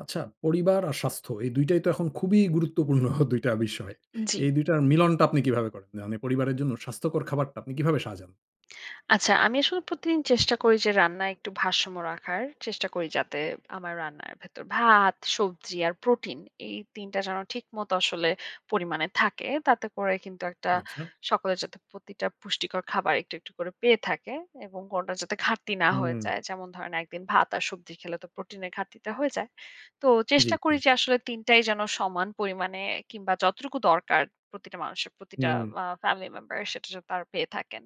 আচ্ছা, পরিবার আর স্বাস্থ্য এই ২ টাই তো এখন খুবই গুরুত্বপূর্ণ ২ টা বিষয়। উ জি। এই ২ টার মিলনটা আপনি কিভাবে করেন? না মানে পরিবারের জন্য স্বাস্থ্যকর খাবারটা আপনি কিভাবে সাজান? আচ্ছা। আমি আসলে প্রতিদিন চেষ্টা করি যে, রান্নায় একটু ভারসাম্য রাখার। চেষ্টা করি যাতে আমার রান্নার ভেতর ভাত, সবজি আর প্রোটিন এই ৩ টা যেন ঠিকমত আসলে পরিমাণে থাকে। তাতে করে কিন্তু একটা আচ্ছা। সকলে যাতে প্রতিটা পুষ্টিকর খাবার একটু, একটু করে পেয়ে থাকে এবং কোনটার যাতে ঘাটতি না হয়ে হুম। যায়। যেমন ধরেন, একদিন ভাত আর সবজি খেলে তো প্রোটিনের ঘাটতিটা হয়ে যায়। তো জি, চেষ্টা জি, করি যে জি। আসলে ৩ টাই যেন সমান পরিমাণে কিংবা, যতটুকু দরকার প্রতিটা মানুষের প্রতিটা হুম। বা ফ্যামিলি মেম্বার সেটা যেন তারা পেয়ে থাকেন।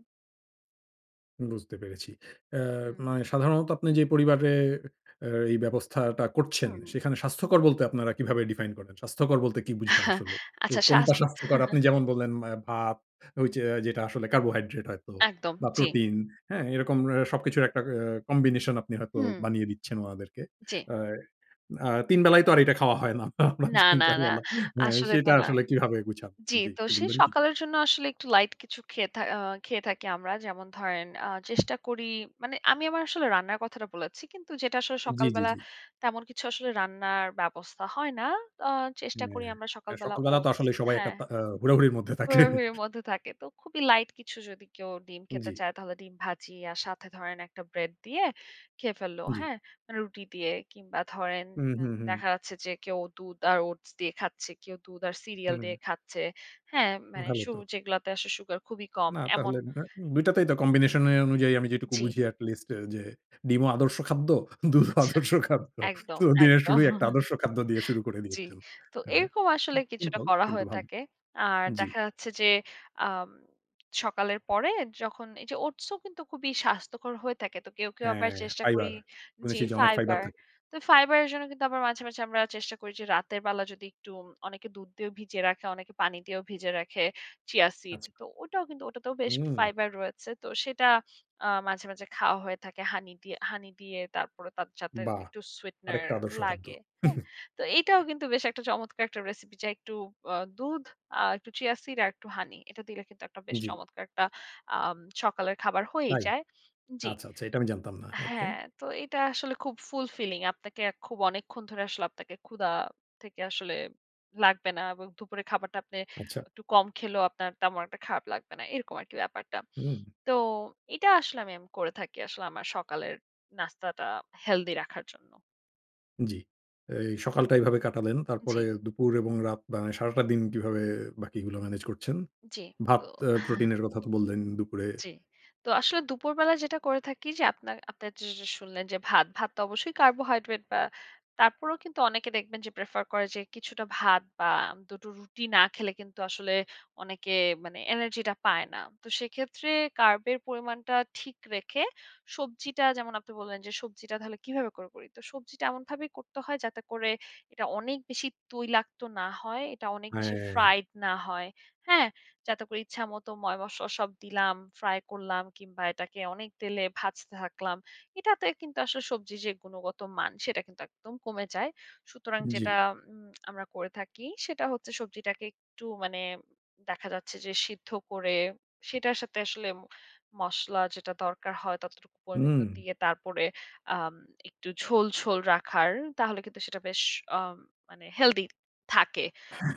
হুম, বুঝতে পেরেছি। অ্যা হুম। মানে সাধারণত আপনি যে পরিবারে অ্যা এই ব্যবস্থাটা করছেন, হুম। সেখানে স্বাস্থ্যকর বলতে আপনারা কিভাবে define করেন? স্বাস্থ্যকর বলতে কি বুঝান আসলে? এ আচ্ছা, স্বাস কোনটা স্বাস্থ্যকর? আপনি যেমন বললেন ম্যা ভাত, ঐযে যেটা আসলে কার্বোহাইড্রেট হয়তো একদম বা জি। প্রোটিন। হ্যাঁ? এরকম অ্যা সবকিছুর একটা অ্যা কম্বিনেশন আপনি হয়তো হুম। বানিয়ে দিচ্ছেন ওনাদেরকে। জি। আর আ ৩ বেলায় তো আর এটা খাওয়া হয় না? না, [unintelligible] তিন না, চার না। বেলা। হ্যাঁ, আসলে তো সেটা না আসলে কিভাবে গুছান? জি। জি। তো একটু সে বলবেন কি? সকালের জন্য আসলে একটু লাইট কিছু খেয়ে থা আ খেয়ে থাকি আমরা। যেমন ধরেন, আ চেষ্টা করি মানে আমি আমার আসলে রান্নার কথাটা বলেছি। কিন্তু যেটা আসলে জি, জি, সকালবেলা জি। তেমন কিছু আসলে রান্নার ব্যবস্থা হয় না। আ চেষ্টা করি আমরা হ্যাঁ, সকালবেলা সকালবেলা তো ওটস আসলে সবাই একটা হ্যাঁ। তা আ হুড়হুড়ির মধ্যে তাকে। হুড়াহুড়ির মধ্যে থাকে। তো খুবই লাইট কিছু যদি কেউ ডিম খেতে জি। চায়, তাহলে ডিম ভাজি আর সাথে ধরেন একটা ব্রেড দিয়ে খেয়ে ফেললো। জি। হ্যাঁ? রুটি দিয়ে কিংবা, ধরেন উম ইন হুম, হুম। দেখা যাচ্ছে যে কেউ দুধ আর ওটস দিয়ে খাচ্ছে, কেউ দুধ আর সিরিয়াল উম দিয়ে খাচ্ছে। হ্যাঁ? মানে ভালো সু তো। যেগুলাতে আসে সুগার খুবই কম, না। এমন। তাহলে না। অ্যা ২ টাতেই তো combination এ অনুযায়ী আমি যেটুকু জি। বুঝি এট লিস্ট যে ডিমও আদর্শ খাদ্য, দুধও আচ্ছা। আদর্শ খাদ্য। একদম, তো দিনের একদম শুরুই একটা আদর্শ খাদ্য দিয়ে শুরু করে জি। দিয়েছেন। তো হ্যাঁ, হ্যাঁ, এরকম আসলে কিছুটা সিম্পল করা কিন্তু হয়ে ভালো। তাকে আর জি। দেখা যাচ্ছে যে আম সকালের পরে যখন এইযে ওটসও কিন্তু খুবই স্বাস্থ্যকর হয়ে থাকে। তো কেউ, কেউ আবার হ্যাঁ, চেষ্টা করি। ফাইবার। জি, শুনেছি যে অনেক ফাইবার ফাইবার। থা তো ফাইবারের জন্য কিন্তু আবার মাঝে, মাঝে আমরা চেষ্টা করি যে রাতের বেলা যদি একটু উম অনেকে দুধ দিয়ে ভিজিয়ে রাখে, অনেকে পানি দিয়েও ভিজে রাখে 'চিয়া সিড'। আচ্ছা। তো ওটাও কিন্তু ওটাতেও বেশ উম ফাইবার রয়েছে। তো সেটা আ মাঝে, মাঝে খাওয়া হয়ে থাকে হানি দিয়ে হানি দিয়ে তারপরে তাত সাথে বাহ! একটু sweetener আরেকটা আদর্শ খাদ্য। লাগে। হ্যাঁ? তো এইটাও কিন্তু বেশ একটা চমৎকার একটা রেসিপি, চাই একটু আ দুধ আর একটু চিয়া সিড আর একটু হানি। এটা দিলে কিন্তু একটা বেশ জি। চমৎকার একটা আম সকালের খাবার হয়েই তাই? যায়। জি আচ্ছা, আচ্ছা। এটা আমি জানতাম না। ওকে। হ্যাঁ। তো এটা আসলে খুব fulfilling আপনাকে খুব অনেকক্ষণ ধরে আসলে আপনাকে ক্ষুধা থেকে আসলে লাগবে না। এবং দুপুরের খাবারটা আপনি আচ্ছা। একটু কম খেলেও আপনার তেমন একটা খারাপ লাগবে না। এরকম আরকি ব্যাপারটা। উম। তো এটা আসলে আমি এম করে থাকি আসলে আমার সকালের নাস্তাটা হেলদি রাখার জন্য। জ্বী। এই সকালটা এইভাবে কাটালেন। তারপরে জ্বী। দুপুর এবং রাত বা সারাটা দিন কিভাবে বাকিগুলো ম্যানেজ করছেন? জ্বী ভাত তো অ্যা প্রোটিনের কথা তো বললেন দুপুরে। জ্বী। তো আসলে দুপুরবেলায় যেটা করে থাকি, যে আপনার আপনার যেস শুনলেন যে ভাত। ভাত তো অবশ্যই কার্বোহাইড্রেট বা তারপরেও কিন্তু অনেকে দেখবেন যে প্রেফার করে যে কিছুটা ভাত বা ২ টো রুটি না খেলে কিন্তু আসলে অনেকে মানে এনার্জিটা পায় না। তো সেক্ষেত্রে কার্বের পরিমাণটা ঠিক রেখে, সবজিটা যেমন আপনি বললেন, যে সবজিটা তাহলে কীভাবে করে করি? তো সবজিটা এমনভাবে করতে হয় যাতে করে এটা অনেক বেশি তৈলাক্ত না হয়। এটা অনেক বেশি হ্যাঁ। ফ্রাইড না হয়। হ্যাঁ? যাতে করে ইচ্ছামত ময়-মসলা সব দিলাম, ফ্রাই করলাম কিংবা এটাকে অনেক তেলে ভাজতে থাকলাম। এটাতে কিন্তু আসলে সবজির যে গুণগতমান, সেটা কিন্তু একদম কমে যায়। সুতরাং যেটা জ্বী। উম আমরা করে থাকি সেটা হচ্ছে সবজিটাকে একটু মানে দেখা যাচ্ছে যে সিদ্ধ করে, সেটার সাথে আসলে ম মসলা যেটা দরকার হয় ততটুকু পরিমিত উম। দিয়ে তারপরে আম একটু ঝোল, ঝোল রাখার। তাহলে কিন্তু সেটা বেশ আ মানে হেলদি থাকে।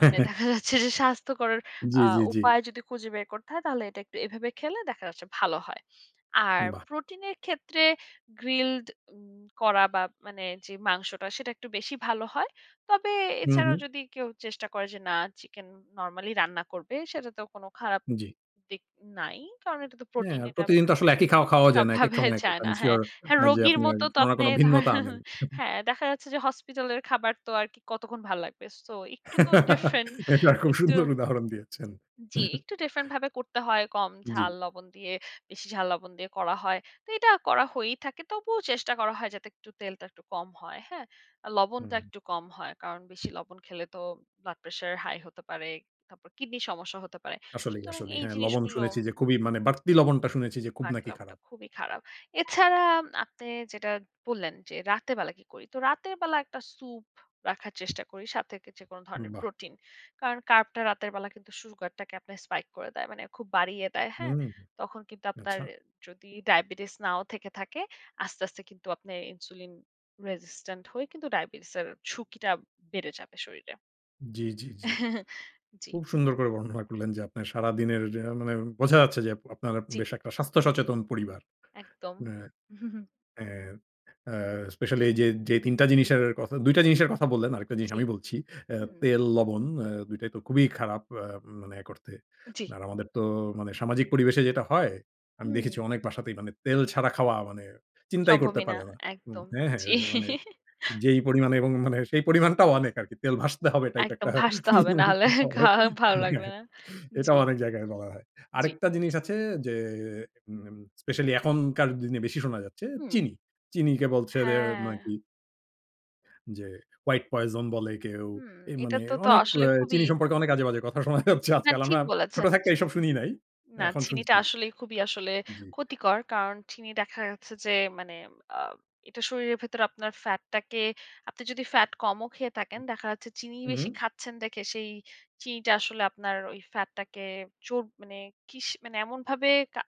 মানে দেখা যাচ্ছে, যে স্বাস্থ্যকর জ্বী, আ জ্বী, জ্বী। উপায় যদি খুঁজে বের করতে হয় তাহলে এটা একটু এভাবে খেলে দেখা যাচ্ছে ভালো হয়। আর বাহ! প্রোটিনের ক্ষেত্রে গ্রিলড উম করা বা মানে যে মাংসটা সেটা একটু বেশি ভালো হয়। তবে হু, এছাড়াও হু। যদি কেউ চেষ্টা করে যে না চিকেন নরমালি রান্না করবে, সেটাতেও কোনো খারাপ জ্বী। দিক নাই। কারণ এটা তো হ্যাঁ, প্রোটিন এটা প্রতিদিন তো আসলে একি খাওয়া খাওয়াও যায় না। একেক সবভাবে সময় একেকট, যায় না। আমি হ্যাঁ? sure হ্যাঁ, অ্যা যে রোগীর আপনার মতো, তো কোনো না আপনি কোনো ধরেন ভিন্নতা আনেন। হ্যাঁ, দেখা যাচ্ছে যে হসপিটালের খাবার তো আর কি কতক্ষণ ভাল লাগবে। সো একটু তো ডিফারেন্ট এটা খুব একটু সুন্দর উদাহরণ দিয়েছেন। জ্বী, একটু ডিফারেন্ট ভাবে করতে হয়, কম জ্বী। ঝাল, লবণ দিয়ে বেশি ঝাল লবণ দিয়ে করা হয়। তো এটা করা হয়েই থাকে। তবুও চেষ্টা করা হয় যাতে একটু তেলটা একটু কম হয়। হ্যাঁ? লবণটা হুম। একটু কম হয়। কারণ বেশি লবণ খেলে তো ব্লাড প্রেশার হাই হতে পারে। তারপর কিডনির সমস্যা হতে পারে। আসলেই, সুতরাং আসলেই। এই হ্যাঁ, লবণ জিনিসগুলো শুনেছি যে খুবি মানে বাড়তি লবণটা শুনেছি যে খুব বারতিটা নাকি লবণটা খারাপ। খুবই খারাপ। এছাড়া আম আপনে যেটা বললেন, যে রাতে বেলা কি করি? তো রাতের বেলা একটা সুপ রাখার চেষ্টা করি সাথে কে যেকোনো ধরনের বাহ! প্রোটিন। কারণ কার্বটা রাতের বেলা কিন্তু সুগার টাকে আপনার spike করে দেয়। মানে খুব বাড়িয়ে দেয়। হ্যাঁ? উম। তখন কিন্তু আপনার আচ্ছা। যদি ডায়াবেটিস নাও থেকে থাকে আস্তে, আস্তে কিন্তু আপনে ইনসুলিন রেসিস্টেন্ট হয়ে কিন্তু ডায়াবেটিসের ঝুঁকিটা বেড়ে যাবে শরীরে। জ্বী, জ্বী, জ্বী। জ্বী। খুব সুন্দর করে বর্ণনা করলেন, যে আপনার সারাদিনের যে মানে বোঝা যাচ্ছে যে আপ আপনারা জ্বী। বেশ একটা স্বাস্থ্য সচেতন পরিবার। একদম। এ এ আ স্পেশালি এইযে, যে ৩ টা জিনিসের কথা, ২ টা জিনিসের কথা বললেন, আরেকটা জিনিস জি। আমি বলছি। অ্যা হুম। তেল, লবণ আ ২ টাই তো খুবি খারাপ আ মানে করতে। জ্বী। আর আমাদের তো মানে সামাজিক পরিবেশে যেটা হয়, আমি দেখেছি হুম। অনেক বাসাতেই মানে তেল ছাড়া খাওয়া মানে চিন্তাই করতে সম্ভবই না। পারে না। হুম, একদম। হ্যাঁ, হ্যাঁ জ্বী। অ্যা মানে যেই পরিমাণে এবং মানে সেই পরিমাণটাও অনেক আরকি। তেল ভাসতে হবে টাইপ একদম একটা। ভাসতে হবে। না হলে খাওয়া হ্যাঁ, হ্যাঁ ভালো লাগবে না। এটাও জ্বী। অনেক জায়গায় বলা হয়। জ্বী। আরেকটা জিনিস আছে যে উম specially এখনকার দিনে বেশি শোনা যাচ্ছে। হুম। চিনি, চিনিকে বলছে যে হ্যাঁ। নাকি যে white poison বলে কেউ হুম, এই এইটা মানে তে, তো অনেক অ আসলে খুবই চিনি সম্পর্কে অনেক আজেবাজে কথা শোনা যাচ্ছে হ্যাঁ, আজকাল। ঠিক আমরা ছোট বলেছেন। থাকতে এসব শুনি নাই। না এখন চিনিটা শুনছি। আসলেই খুবই আসলে জ্বী। ক্ষতিকর। কারণ চিনি দেখা যাচ্ছে যে মানে আ এটা শরীরের ভেতরে আপনার ফ্যাটটাকে আপনি যদি ফ্যাট কমও খেয়ে থাকেন দেখা যাচ্ছে চিনি বেশি উহু। খাচ্ছেন দেখে সেই চিনিটা আসলে আপনার ওই ফ্যাটটাকে জোর মানে কিস মানে এমনভাবে কা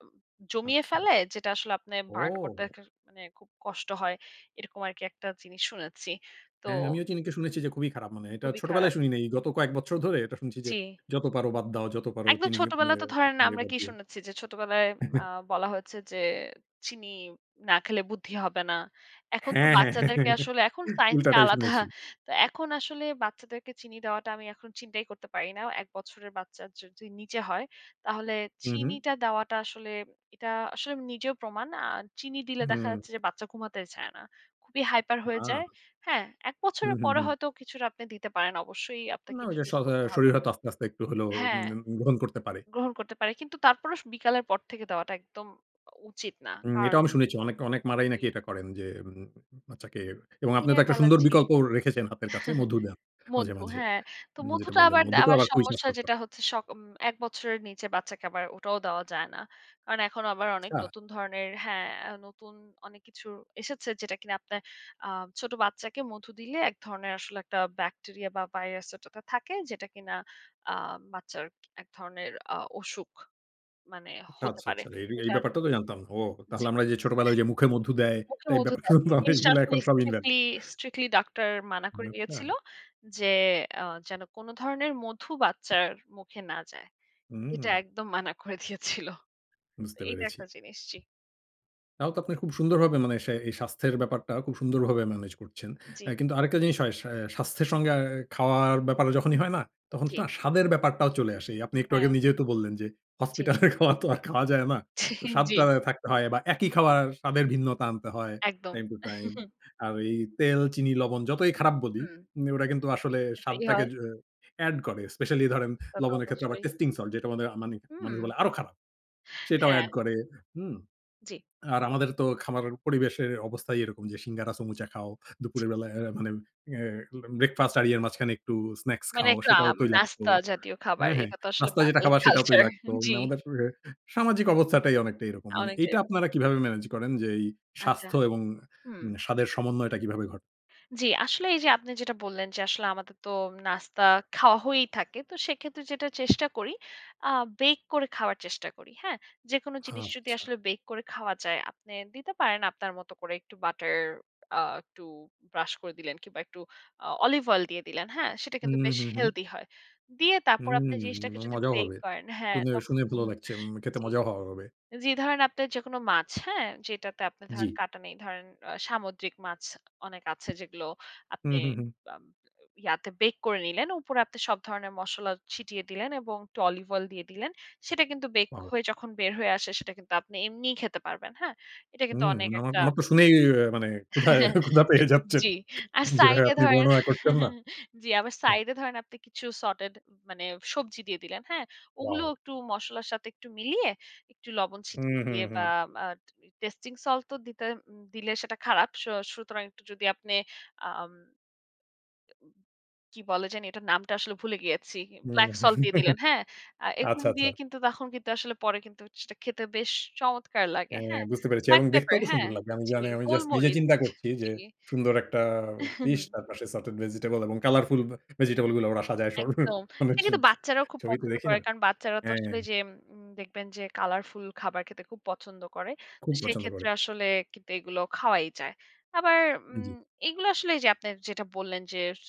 জমিয়ে আচ্ছা। ফেলে যেটা আসলে আপনে বার্ন করতে ও! কের মানে খুব কষ্ট হয়। এরকম আরকি একটা জিনিস শুনেছি। তো হ্যাঁ, আমিও চিনিকে শুনেছি যে খুবই খারাপ মানে। এটা খুবই ছোটবেলায় খারাপ। শুনি নাই। গত কয়েক বছর ধরে এটা শুনছি যে, জ্বী। "যত পারো বাদ দাও, যত পারো একদম চিনি ছোটবেলায় গিপমিয়ে তো ধরেন নিয়ে আমরা বাদ কি দিও।" শুনেছি যে ছোটবেলায় আ বলা হয়েছে যে, "চিনি না খেলে বুদ্ধি হবে না।" এখন তো হ্যাঁ, হ্যাঁ। বাচ্চাদেরকে আসলে এখন সাইন্স টা উল্টাটাই আলাদা। শুনেছি। তো এখন আসলে বাচ্চাদেরকে চিনি দেওয়াটা আমি এখন চিন্তাই করতে পারি না। ১ বছরের বাচ্চা যদি নিচে হয় তাহলে হু, হু। চিনিটা দেওয়াটা আসলে এটা আসলে নিজেও প্রমাণ। আর চিনি দিলে দেখা হুম। যাচ্ছে যে বাচ্চা ঘুমাতে চায় না। খুবই হাইপার হয়ে আ যায়। হ্যাঁ? এক হু, বছরের হু, পরে হু। হয়তো কিছুটা আপনি দিতে পারেন। অবশ্যই আপনাকে না ওই যে শ ইন্ট্রোডিউস এ করতে হবে। শরীর হয়তো আস্তে, আস্তে একটু হইলেও হ্যাঁ, উম গ্রহণ করতে পারে। গ্রহণ করতে পারে। কিন্তু তারপরও স বিকালের পর থেকে দেওয়াটা একদম উচিত না। উম কারণ এটাও আমি শুনেছি। অনেক, অনেক মা-রাই নাকি জি। এটা করেন, যে উম বাচ্চাকে এবং আপনি তো দিনের একটা বেলার সুন্দর চেয়ে বিকল্প রেখেছেন হাতের কাছে। মধু দেয়া মাঝে, মধু। মাঝে। হ্যাঁ, তো যেটা মধুটা বললেন আবার দা মধু তো আবার আবার খুব সমস্যা স্বাস্থ্যকর। যেটা হচ্ছে সকম উম ১ বছরের নিচে বাচ্চাকে আবার ওটাও দেওয়া যায় না। কারণ এখন আবার অনেক আচ্ছা। নতুন ধরনের হ্যাঁ, নতুন অনেক কিছু এসেছে যেটা কিনা আপনার আ ছোট বাচ্চাকে মধু দিলে এক ধরনের আসলে একটা ব্যাকটেরিয়া বা ভাইরাস ওইটাতে থাকে। যেটা কিনা আ বাচ্চার এক ধরনের আ অসুখ মানে আচ্ছা, হতে আচ্ছা, পারে। আচ্ছা। এইর তো এই যার ব্যাপারটা জন্য তো জানতাম না। ও তাহলে জ্বী। আমরা যে ছোটবেলায় এহ ওইযে মুখে মধু দেয় মুখে টাইপ মধু ব্যাপারটা দেয়। এই জানতাম জিনিসটা এগুলা আসলে এখন সব invalid স্ট্রিক্টলি, স্ট্রিক্টলি ডাক্তার মানা উম করে আচ্ছা। দিয়েছিল যে, আ "যেন কোন ধরনের মধু বাচ্চার মুখে না যায়।" এটা হুম। একদম মানা করে দিয়েছিল। তো বুঝতে এইটা পেরেছি। একটা জিনিস। জ্বী। তাও তো, আপনি খুব সুন্দরভাবে মানে সে এই স্বাস্থ্যের ব্যাপারটা, খুব সুন্দরভাবে ম্যানেজ করছেন। অ্যা জ্বী। কিন্তু আরেকটা জিনিস হয়, সা স্বাস্থ্যের সঙ্গে আ খাওয়ার ব্যাপারে যখনই হুম, হয় না, তখন জ্বী। না স্বাদের ব্যাপারটাও চলে আসে। এই আপনি একটু হ্যাঁ। আগে নিজেই তো বললেন যে, জ্বী। হসপিটালের খাবার তো আর খাওয়া যায় না। তো ছিন জ্বী। স্বাদটা থাকতে হয়, বা একই খাবার, স্বাদের ভিন্নতা আনতে হয়, একদম। Time to time. আর এই তেল, চিনি, লবণ যতই খারাপ বলি, হুম। উম ওরা কিন্তু আসলে এতেই স্বাদটাকে হয়। যো এড করে। স্পেশালি, ধরেন তা তো লবণের ক্ষেত্রে আবার অবশ্যই। টেস্টিং সল্ট, যেটা আমাদের মানি উম মানুষ বলে, আরো খারাপ। সেটাও হ্যাঁ। এড করে। হুম, জ্বী। আর আমাদের তো খাবার পরিবেশের অবস্থাই এরকম যে, সিঙ্গারা, সামুচা খাও, দুপুরের জ্বী। বেলায় এউ মানে এ ব্রেকফাস্ট আর ইয়ের মাঝখানে একটু স্নাকস মানে, খাও, একটু সেটাও আম তৈলাক্ত নাস্তা জাতীয় খাবার। হ্যাঁ, হ্যাঁ। এটা তো আসলে রাস্তায় যেটা বাঙ্গালি খাবার, সেটাও culture তৈলাক্ত। মানে জ্বী। আমাদের অ্যা সামাজিক অবস্থাটাই অনেকটাই এরকম। আ মানে, অনেকটাই এইটা এরকম। আপনারা কিভাবে ম্যানেজ করেন যে, এই আচ্ছা স্বাস্থ্য এবং হুম। মানে স্বাদের সমন্বয়টা কিভাবে ঘটে? জ্বী, আসলে এই যে আপনি যেটা বললেন, যে আসলে আমাদের তো নাস্তা খাওয়া হয়েই থাকে। তো সেক্ষেত্রে যেটা চেষ্টা করি আ বেক করে খাওয়ার চেষ্টা করি। হ্যাঁ? যেকোনো জিনিস যদি আচ্ছা। আসলে বেক করে খাওয়া যায়, আপনি দিতে পারেন, আপনার মতো করে, একটু বাটার আ একটু ব্রাশ করে দিলেন কিংবা একটু অ অলিভ অয়েল দিয়ে দিলেন। হ্যাঁ? সেটা কিন্তু উম বেশ হু, হু। হেলথি হয়। দিয়ে তারপর আপনি উম জিনিসটাকে এবং যদি মজাও ব্রেক হবে। করেন হ্যাঁ শুনে, তখন শুনে ভালো উহু লাগছে। উম খেতে জ্বী। মজাও হওয়া হবে। জি ধরেন আপনার যেকোনো মাছ হ্যাঁ? যেটাতে আপনে জ্বী। ধরেন কাঁটা নেই। ধরেন, আ সামুদ্রিক মাছ অনেক আছে, যেগুলো হু, আপনি হু, হু l আ ইয়াতে বেক করে নিলেন। উপরে আপনি সব ধরনের মসলা ছিটিয়ে দিলেন এবং একটু অলিভ অইল দিয়ে দিলেন। সেটা কিন্তু বেক ওয়াও! হয়ে যখন বের হয়ে আসে, সেটা কিন্তু আপনি এমনিই খেতে পারবেন। হ্যাঁ? এটা কিন্তু হুম, অনেক আমার, একটা আমার তো শুনেই, মানে ক্ষুধা, ক্ষুধা পেয়ে যাচ্ছে। জ্বী। আর সাইড যেভাবে এ আপনি ধরেন বর্ণনা করছেন না। জ্বী, আবার হুম। সাইড এ ধরেন আপনি কিছু সটেড, মানে সবজি দিয়ে দিলেন। হ্যাঁ? ওগুলো ওয়াও! একটু মসলার সাথে একটু মিলিয়ে, একটু লবণ হুম, ছিটিয়ে হুম, দিয়ে হুম। বা আ টি টেস্টিং সল্ট তো দিতে দিলে, সেটা খারাপ। স সুতরাং একটু যদি আপনে আম কি বলে জানি? এটার নামটা আসলে ভুলে গেছি। হুম, ব্ল্যাকসল্ট দিয়ে দিলেন। হ্যাঁ? আ এগুলো আচ্ছা, আচ্ছা। দিয়ে কিন্তু তখন কিন্তু আসলে পরে কিন্তু সেটা খেতে বেশ চমৎকার লাগে। হ্যাঁ, হ্যাঁ? বুঝতে পেরেছি এবং ব্ল্যাকপেপার, দেখতেও তো হ্যাঁ? সুন্দর লাগবে। আমি জ্বী। জানি, আমি জাস্ট নিজে গোলমরিচ চিন্তা করছি যে, জ্বী। সুন্দর একটা ফিশ তার পাশে সটেড ভেজিটেবল এবং কালারফুল ব ভেজিটেবলগুলো ওরা সাজায় সর একদম। মানে, এটা ছ, কিন্তু ছ বাচ্চারাও খুব ছবিতে পছন্দ দেখি করে। না। কারণ, বাচ্চারা তো হ্যাঁ। আসলে যেম উম দেখবেন যে, কালারফুল খাবার খেতে খুব পছন্দ করে। খুব পছন্দ করে। সেক্ষেত্রে আসলে কিন্তু এগুলো খাওয়াই যায়। আবার জ্বী। উম এইগুলা আসলে এই যে আপনে যেটা বললেন যে, স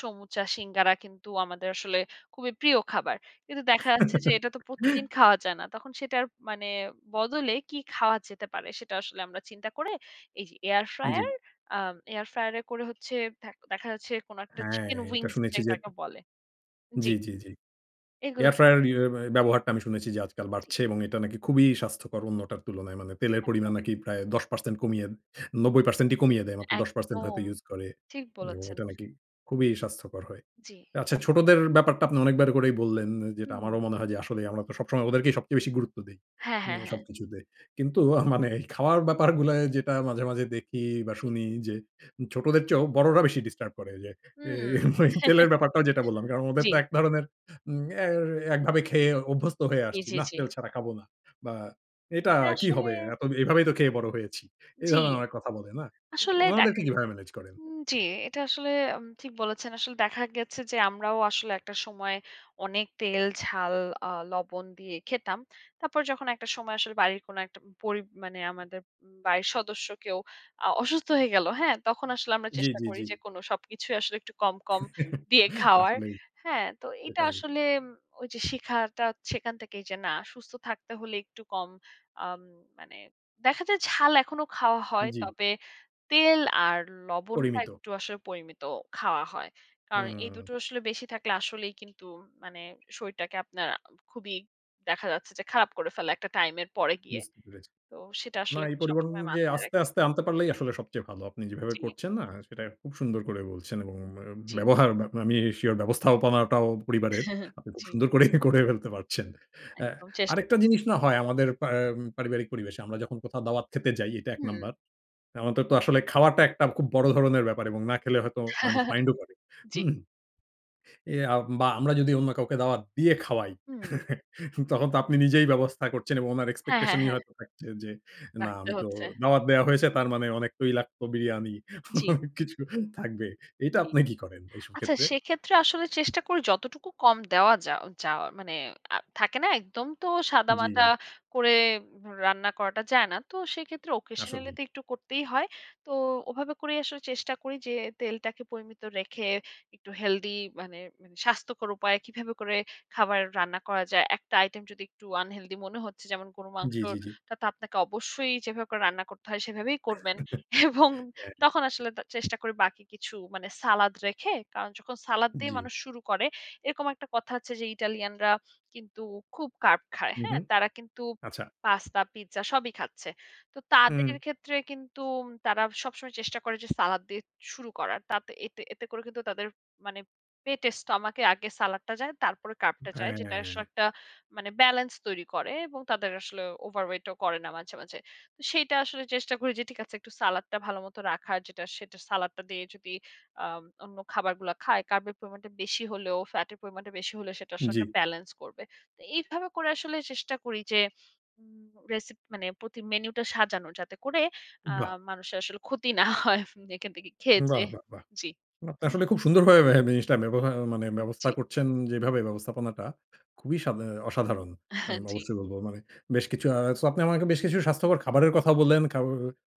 সমুচা, সিঙ্গারা কিন্তু আমাদের আসলে খুবই প্রিয় খাবার। কিন্তু দেখা যাচ্ছে যে এটা তো প্রতিদিন খাওয়া যায় না। তখন সেটার মানে বদলে, কী খাওয়া যেতে পারে, সেটা আসলে আমরা চিন্তা করে, এই যে এয়ার জ্বী। ফ্রায়ার, আ এয়ার ফ্রায়ার এ করে হচ্ছে থ দেখা যাচ্ছে কোনো একটা হ্যাঁ, চিকেন এইটা উইংস, শুনেছি যে যেটাকে বলে জ্বী। জ্বী, জ্বী, জ্বী। এইগুলা এয়ার খে ফ্রায়ার ইউ ব্যবহারটা আমি শুনেছি যে, আজকাল জি। বাড়ছে এবং এটা নাকি খুবই স্বাস্থ্যকর অন্যটার তুলনায়। মানে তেলের একদম। পরিমাণ নাকি প্রায় ১০% কমিয়ে ৯০% কমিয়ে দেয়। মাত্র ১০% একদম, হয়তো ইউজ করে ঠিক এবং বলেছেন। এটা নাকি, খুবই স্বাস্থ্যকর হয়। জ্বী। আচ্ছা [unintelligible] ছোটদের ব্যাপারটা আপনি অনেকবার করেই বললেন যেটা আমারও হুম। মনে হয় যে আসলেই আমরা তো সবসময় ওদেরকেই সবচেয়ে বেশি গুরুত্ব দেই। হ্যাঁ, হ্যাঁ, উম হ্যাঁ। সবকিছুতে। কিন্তু আ মানে খাওয়ার ব্যাপারগুলায় যেটা মাঝে, মাঝে দেখি বা জ্বী। শুনি, যে ছোটদের চেয়েও বড়রা বেশি ডিস্টার্ব করে, যে এ উম তেলের ব্যাপারটাও, যেটা বললাম। কারণ ওদের জ্বী। তো এক ধরনের উম এ একভাবে খেয়ে অভ্যস্ত হয়ে জ্বী, আসছি। জ্বী, নাহ, জ্বী। তেল ছাড়া খাবো না। বা এটা এটা কি আসলে হবে? এতো দি এভাবেই তো খেয়ে বড় হয়েছি। এ জ্বী। ধরনের কথা বলে না? আসলে ডে উনাদেরকে কিভাবে ম্যানেজ করেন? উম জ্বী। এটা আসলে আম ঠিক বলেছেন। আসলে দেখা গেছে যে আমরাও আসলে একটা সময় অনেক তেল, ঝাল, আ লবণ দিয়ে খেতাম। তারপর যখন একটা সময় আসলে বাড়ির কোনো একটা পড়ি মানে আমাদের বাড়ির সদস্য কেউ আ অসুস্থ হয়ে গেল। হ্যাঁ? তখন আসলে আমরা জ্বী, চেষ্টা জ্বী, করি জ্বী। যে, কোনো সবকিছুই আসলে একটু কম, কম দিয়ে খাওয়ার। আসলেই, হ্যাঁ? তো, এইটা এটাই। আসলে, ম ওই যে, শিখাটা সেখান থেকেই যে না সুস্থ থাকতে হলে একটু কম আম মানে দেখা যায় ঝাল এখনো খাওয়া হয়। জ্বী। তবে তেল আর লবণটা পরিমিত। একটু আসলে পরিমিত খাওয়া হয়। কারণ এই হুম। দুটো আসলে বেশি থাকলে আসলেই কিন্তু মানে শরীরটাকে আপনার খুবই দেখা যাচ্ছে যে খারাপ করে ফেলে, একটা টাইম এর পরে গিয়ে। বুঝতে পেরেছি। তো সেটা না, আসলে এই পরিবর্তন সবসময় অনুযায়ী মাথায় রাখি। আস্তে, আস্তে আনতে পারলেই আসলে সবচেয়ে ভালো। আপনি যেভাবে জি। করছেন না সেটা খুব সুন্দর করে বলছেন, এবং অ্যা জ্বী। ব্যবহার, বা আমি sure ব্যবস্থাপনাটাও পরিবারের। আপনি খুব জি। সুন্দর করেই, করে ফেলতে পারছেন। হ্যাঁ। একদম চেষ্টা আরেকটা কর জিনিস, না হয় আমাদের পা এম পারিবারিক পরিবেশে। আমরা যখন কোথাও দাওয়াত খেতে যাই, এটা ১ হুম। নাম্বার। আমাদের তো আসলে খাওয়াটা একটা খুব বড় ধরনের ব্যাপার এবং না খেলে হয়তো মানুষ মাইন্ডও করে, জ্বী। হুম? এ আ বা আমরা যদি অন্য কাউকে দাওয়াত দিয়ে খাওয়াই, হুম। তখন তো আপনি নিজেই ব্যবস্থা করছেন এবং উনার হ্যাঁ, হ্যাঁ, এক্সপেকটেশনই হ্যাঁ। হয়তো থাকছে, যে না রাখতে আমি তো হচ্ছে। দাওয়াত দেয়া হয়েছে। তার মানে অনেক তৈলাক্ত বিরিয়ানি জ্বী। অনেক কিছু থাকবে। এটা জ্বী। আপনি কি করেন, এইসব আচ্ছা, ক্ষেত্রে? সেক্ষেত্রে আসলে চেষ্টা করি যতটুকু কম দেওয়া যা যাও, আ মানে আ থাকে না? একদম তো সাদামাটা জ্বী। করে রান্না করাটা যায় না। তো সেক্ষেত্রে, occasionally আসলেই। তো একটু করতেই হয়। তো ওভাবে করেই আসলে চেষ্টা করি যে, তেলটাকে পরিমিত রেখে, একটু হেলথি মানে স্বাস্থ্যকর উপায়ে কিভাবে করে খাবার রান্না করা যায়। একটা আইটেম যদি একটু unhealthy মনে হচ্ছে, যেমন গরুর জ্বী, জ্বী, জ্বী। মাংসটা তো আপনাকে অবশ্যই যেভাবে করে রান্না করতে হয় সেভাবেই করবেন এবং হ্যাঁ, তখন আসলে তা চেষ্টা করি বাকি কিছু মানে সালাদ রেখে, কারণ যখন সালাদ দিয়ে জ্বী। মানুষ শুরু করে এরকম একটা কথা আছে, যে ইটালিয়ানরা কিন্তু খুব কার্ব খায়। উ হু, হ্যাঁ? তারা কিন্তু আচ্ছা। পাস্তা, পিজ্জা সবই খাচ্ছে। তো তাদের উম ক্ষেত্রে, কিন্তু তারা সবসময় চেষ্টা করে যে, সালাদ দিয়ে শুরু করার। তাত এতে, এতে করে কিন্তু তাদের, মানে পেটের স্টমাকে আগে সালাদটা যায়, তারপরে কার্বটা যায়। যেটা আসলে হ্যাঁ। একটা মানে ব্যালেন্স তৈরি করে এবং তাদের আসলে ওভারওয়েট ও করে না মাঝে, মাঝে। তো সেইটা আসলে চেষ্টা করি যে, ঠিক আছে, একটু সালাদটা ভালোমত রাখার যেটা, সেটা সালাদটা দিয়ে যদি আম অন্য খাবারগুলা খায়। কার্বের পরিমাণটা বেশি হলেও ফ্যাটের পরিমাণটা বেশি হলে সেটার জ্বী। সঙ্গে ব্যালান্স করবে। তো এইভাবে করে আসলে চেষ্টা করি যে উম রেসিপি মানে প্রতি মেনুটা সাজানোর যাতে করে আ বাহ! মানুষের আসলে ক্ষতি না হয় এখান থেকে খেয়ে বাহ, যেয়ে। বাহ, বাহ! জ্বী। আপনি আসলে খুব সুন্দরভাবে ম্যা জিনিসটা, ব্যবহা মানে ব্যবস্থা জ্বী। করছেন, যেভাবে ব্যবস্থাপনাটা খুবই সাব অ্যা অসাধারণ। আহ আমি জ্বী। অবশ্যই বলব। মানে, বেশ কিছু আ সো আপনি আমাকে বেশ কিছু স্বাস্থ্যকর খাবারের কথা বললেন, খাও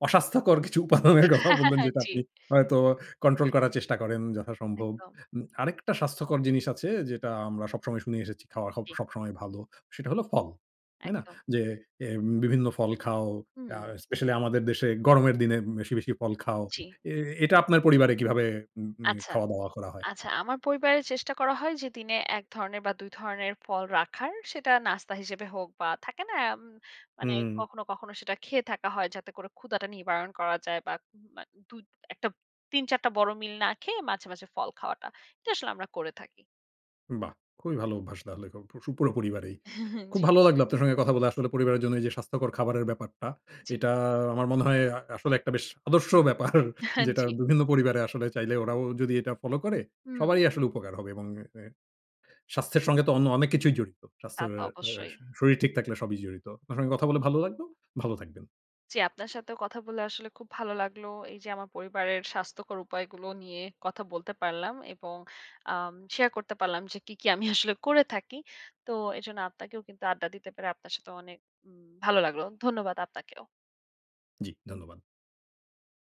অস্বাস্থ্যকর কিছু উপাদানের কথাও হ্যাঁ, বললেন, হ্যাঁ, যেটা জ্বী। আপনি হয়তো কন্ট্রোল করার চেষ্টা করেন, যথাসম্ভব। একদম। উম আরেকটা স্বাস্থ্যকর জিনিস আছে, যেটা আমরা সবসময় শুনে এসেছি, খাওয়া হ জ্বী। সবসময় ভালো। সেটা হলো, ফল। তাই না? একদম। যে এম বিভিন্ন ফল খাও। আ হু। স্পেশালি, আমাদের দেশে গরমের দিনে, বেশি, বেশি ফল খাও। জ্বী। এ এটা আপনার পরিবারে, কিভাবে উম উম আচ্ছা, খাওয়া-দাওয়া করা হয়? আচ্ছা। আমার পরিবারে চেষ্টা করা হয় যে, দিনে ১ ধরনের বা ২ ধরনের ফল রাখার, সেটা নাস্তা হিসেবে হোক, বা থাকে না এম মানে উম কখনো, কখনো সেটা খেয়ে থাকা হয় যাতে করে ক্ষুধাটা নিবারণ করা যায়, বা উম দুত ১ টা ৩-৪ টা বড় মিল না খেয়ে মাঝে, মাঝে ফল খাওয়াটা। এটা আসলে আমরা করে থাকি। বাহ! খুবই ভালো অভ্যাস তাহলে, [unintelligible] পুরো পরিবারেই। হ্যাঁ, হ্যাঁ খুব জ্বী। ভালো লাগলো, আপনার সঙ্গে সাথে কথা বলে। আসলে, পরিবারের জন্য এই যে স্বাস্থ্যকর খাবারের ব্যাপারটা, জ্বী। এটা আমার মনে হয়, আ আসলে একটা বেশ আদর্শ ব্যাপার। আহান যেটা, জ্বী। বিভিন্ন পরিবারে আসলে চাইলে, ওরাও যদি এটা ফলো করে, উম সবারই আসলে উপকার হবে এবং এ এ স্বাস্থ্যের সঙ্গে তো অন্য অনেক কিছুই জড়িত। তা স্বাস্থ্যর তো অবশ্যই। শরীর ঠিক থাকলে সবই জড়িত। আপনার সঙ্গে কথা বলে ভালো লাগবে, ভালো থাকবেন। জ্বী। আপনার সাথেও কথা বলে, আসলে খুব ভালো লাগলো। এই যে আমার পরিবারের স্বাস্থ্যকর উপায়গুলো নিয়ে কথা বলতে পারলাম এবং আম শেয়ার করতে পারলাম, যে কি, কি আমি আসলে করে থাকি। তো এজন্য আপনাকেও কিন্তু আড্ডা দিতে পেরে, আপনার সাথেও, অনেক উম ভালো লাগলো। ধন্যবাদ আপনাকেও। জ্বী। ধন্যবাদ।